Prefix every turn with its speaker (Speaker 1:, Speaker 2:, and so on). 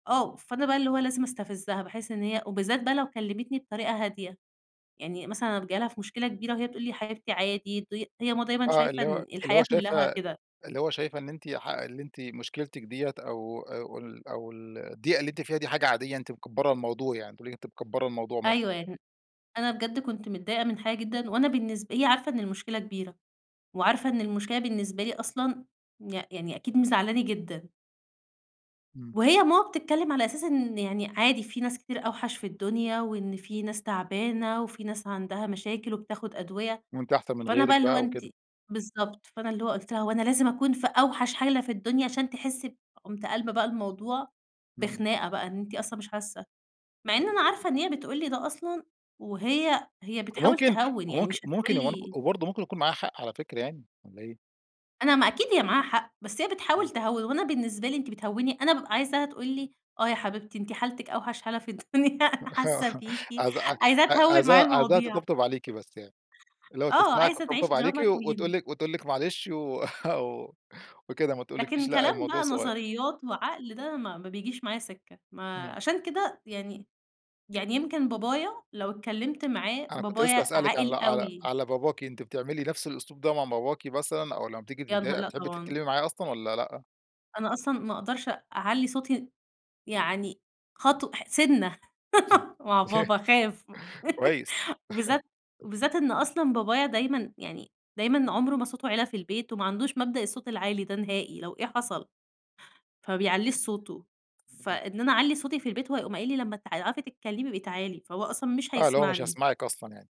Speaker 1: آه، فأنا بقى اللي هو لازم استفزَّها، باحِس إن هي وبالذات بقى لو كلَّمتني بطريقة هادية، يعني مثلًا ابقى جاية ليها في مشكلة كبيرة وهي تقول لي: "يا حبيبتي عادي." ض هي ماما دايمًا
Speaker 2: آه،
Speaker 1: شايفة
Speaker 2: اللي هو
Speaker 1: إن
Speaker 2: اللي هو
Speaker 1: الحياة كلّها
Speaker 2: شايفة
Speaker 1: كده.
Speaker 2: اللي هو شايفة إن أنتِ ح اللي أنتِ مشكلتِك دِيّة أو أو ال أو ال الضيقة اللي أنتِ فيها دي حاجة عادية، أنتِ مكبرة الموضوع يعني، تقول لِك أنتِ مكبرة الموضوع مثلًا.
Speaker 1: أيوه يعني، أنا بجد كنت متضايقة من حاجة جدًا، وأنا بالنسب هي عارفة إن المشكلة كبيرة، وعارفة إن المشكلة بالنسبة لي أصلًا يع يعني أكيد مزعِّلاني جدًا.
Speaker 2: إمم.
Speaker 1: وهي ماما بتتكلَّم على أساس إن يعني عادي، في ناس كتير أوحش في الدنيا، وإن في ناس تعبانة، وفي ناس عندها مشاكل وبتاخُد أدوية.
Speaker 2: وأنتِ أحسن من
Speaker 1: فأنا بقى
Speaker 2: غيرِك
Speaker 1: اللي هو
Speaker 2: بقى
Speaker 1: أنتِ
Speaker 2: وكده.
Speaker 1: بالضبط، فأنا اللي هو قُلت لها: "هو أنا لازم أكون في أوحش حالة في الدنيا عشان تحِسِّي ب" قُمت قالبة بقى الموضوع
Speaker 2: إمم.
Speaker 1: بخناقة بقى، إن أنتِ أصلًا مش حاسّة. مع إن أنا عارفة إن هي بتقول لي ده أصلًا وهي هي بتحاول
Speaker 2: وممكن
Speaker 1: تهوِّن، يعني
Speaker 2: وممك
Speaker 1: مش هتقول
Speaker 2: وممكن ومنك
Speaker 1: لي
Speaker 2: وبرضه ممكن يكون معاها حق على فكرة يعني، والّا إيه؟
Speaker 1: أنا ما أكيد هي معاها حق، بس هي بتحاول
Speaker 2: إمم.
Speaker 1: تهوِّن، وأنا بالنسبة لي أنتِ بتهوِّني، أنا بابقى عايزاها تقول لي: "آه يا حبيبتي أنتِ حالتِك أوحش حالة في الدنيا،
Speaker 2: آه
Speaker 1: أنا حاسّة
Speaker 2: آه،
Speaker 1: بيكِ"،
Speaker 2: عايز عاي
Speaker 1: عايزاها تهوِّل معايا
Speaker 2: عايزاها عايزاها
Speaker 1: المواضيع.
Speaker 2: تطبطب عليكِ بس يعني. اللي هو
Speaker 1: آه،
Speaker 2: تسمعِك
Speaker 1: عايزة تعيش
Speaker 2: وتطبطب عليكِ
Speaker 1: دراما
Speaker 2: وتقول
Speaker 1: كوين.
Speaker 2: لِك وتقول لِك معلش و وكده وما تقولكيش
Speaker 1: لكن
Speaker 2: لأ
Speaker 1: كلام
Speaker 2: الموضوع
Speaker 1: بقى
Speaker 2: صغيّر.
Speaker 1: نظريات وعقل ده ما ما بيجيش معايا سِكة، ما
Speaker 2: إمم.
Speaker 1: عشان كده يعني يعني يمكن بابايا لو اتكلَّمت معاه،
Speaker 2: أنا كنت لسه
Speaker 1: بابايا
Speaker 2: هاسألِك على
Speaker 1: عاقل
Speaker 2: على
Speaker 1: أوي.
Speaker 2: على باباكِ، أنتِ بتعملي نفس الأسلوب ده مع باباكِ مثلًا، أو لمّا بتيجي
Speaker 1: يا نها
Speaker 2: متضايقة
Speaker 1: لأ
Speaker 2: بتحبي
Speaker 1: طبعًا.
Speaker 2: تتكلمي معاه أصلًا والّا لأ؟
Speaker 1: أنا أصلًا ما أقدرش أ أعلِّي صوتي، يعني خطو ح سِنَّه مع بابا، أخاف،
Speaker 2: كويس.
Speaker 1: وبالذات وبالذات إن أصلًا بابايا دايمًا يعني دايمًا، عُمره ما صوته عِلى في البيت، وما عندوش مبدأ الصوت العالي ده نهائي لو إيه حصَل. فما بيعليش صوته،
Speaker 2: [unintelligible]
Speaker 1: فإن أنا اعلِّي صوتي في البيت هو هيقوم قايِل لي: "لمّا تع تعرفي تتكلَّمي ابقي تعالي." فهو أصلًا مش
Speaker 2: آه، اللي هو مش
Speaker 1: هيسمَعني.
Speaker 2: هيسمعِك أصلًا يعني.